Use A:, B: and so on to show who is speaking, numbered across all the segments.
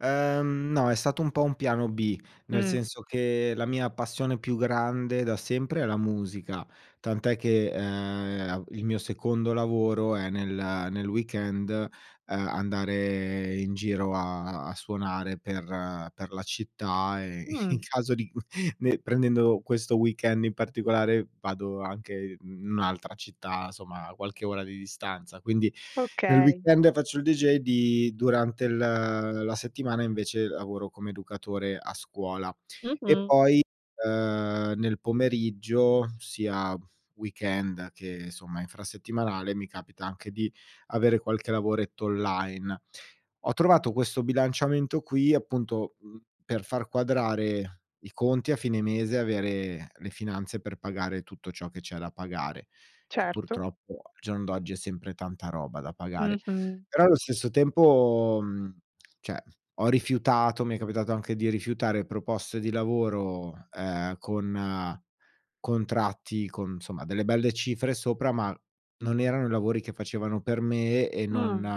A: Ehm, no, è stato un po' un piano B, nel
B: Mh.
A: senso che la mia passione più grande da sempre è la musica, tant'è che, ehm, il mio secondo lavoro è nel nel weekend, ehm, andare in giro a a suonare per per la città e in
B: Mh.
A: caso di cu ne prendendo questo weekend in particolare vado anche i in un'altra città, somma qualche ora di distanza. Quindi nel
B: Okay.
A: weekend faccio il dj di durante l la settimana invece lavoro come educatore a scuola. E
B: Mh-mh.
A: poi, ehm, nel pomeriggio, sia weekend che somma infrasettimanale, mi capita anche di avere qualche lavoretto online. Ho trovato questo bilanciamento qui appunto, uhm, per far quadrare i conti a fine mese, avere le finanze per pagare tutto ciò che c'è da pagare, che
B: Certo.
A: purtroppo, al giorno d'oggi, è sempre tanta roba da pagare.
B: Mh-mh.
A: Però allo stesso tempo, uhm cioè, ho rifiutato mi è capitato anche di rifiutare proposte di lavoro, ehm, con contratti con, insomma, delle belle cifre sopra, ma non erano i lavori che facevano per me e non
B: Mh.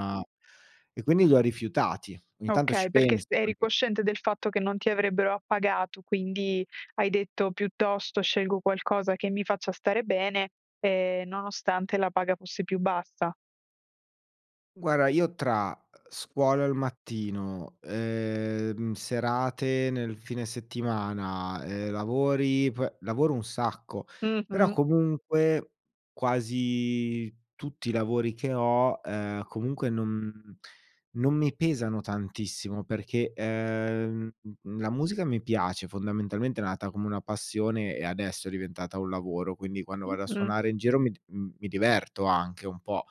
A: e quindi li ho rifiutati. Ogni tanto ci
B: Okay, perché s
A: penso
B: eri
A: anche.
B: cosciente del fatto che non ti avrebbero appagato, quindi hai detto: "Piuttosto scelgo qualcosa che mi faccia stare bene", ehm, nonostante la paga fosse più bassa.
A: Guarda io, tra, uhm, scuola al mattino, ehm, serate nel fine settimana, ehm, lavori p lavoro un sacco; però
B: Mh-mh.
A: comunque quasi tutti i lavori che ho, ehm, comunque non non mi pesano tantissimo perché, ehm, la musica mi piace, fondamentalmente è nata come una passione e adesso è diventata un lavoro, quindi quando vado a
B: Mh-mh.
A: suonare in giro mi d uhm, mi diverto anche un po'.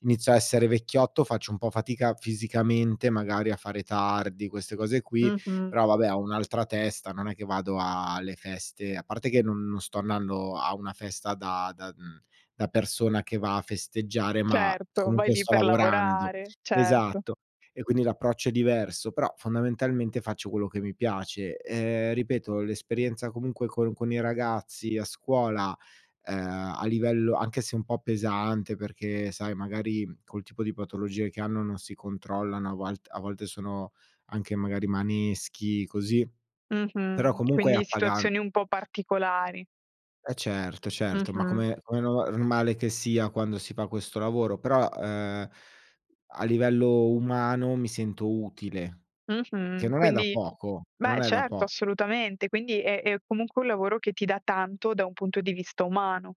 A: Inizio a essere vecchiotto, faccio un po' fatica fisicamente magari a fare tardi, queste cose qui,
B: Mh-mh.
A: però vabbè ho un'altra testa, non è che vado a le feste a parte che n non sto andando a una festa da da uhm, da persona che va a festeggiare, ma
B: Certo, vai
A: comunque
B: lì
A: sto
B: per
A: lavorando.
B: lavorare, certo.
A: Esatto. E quindi l'approccio è diverso; però fondamentalmente faccio quello che mi piace. Ehm, ripeto l'esperienza comunque con con i ragazzi, a scuola, ehm, a livello anche se un po' pesante perché, sai, magari col tipo di patologie che hanno non si controllano, a volt a volte sono anche magari maneschi, così, però
B: Mh-mh,
A: comunque è
B: quindi
A: appagan
B: situazioni un po' particolari.
A: E certo, certo, ma
B: Mh-mh.
A: come come nova normale che sia quando si fa questo lavoro. Però, ehm, a livello umano mi sento utile. Che
B: Mh-mh,
A: non è da
B: quindi
A: poco, che non
B: beh
A: è da
B: certo,
A: po
B: assolutamente, quindi è è comunque un lavoro che ti dà tanto da un punto di vista umano.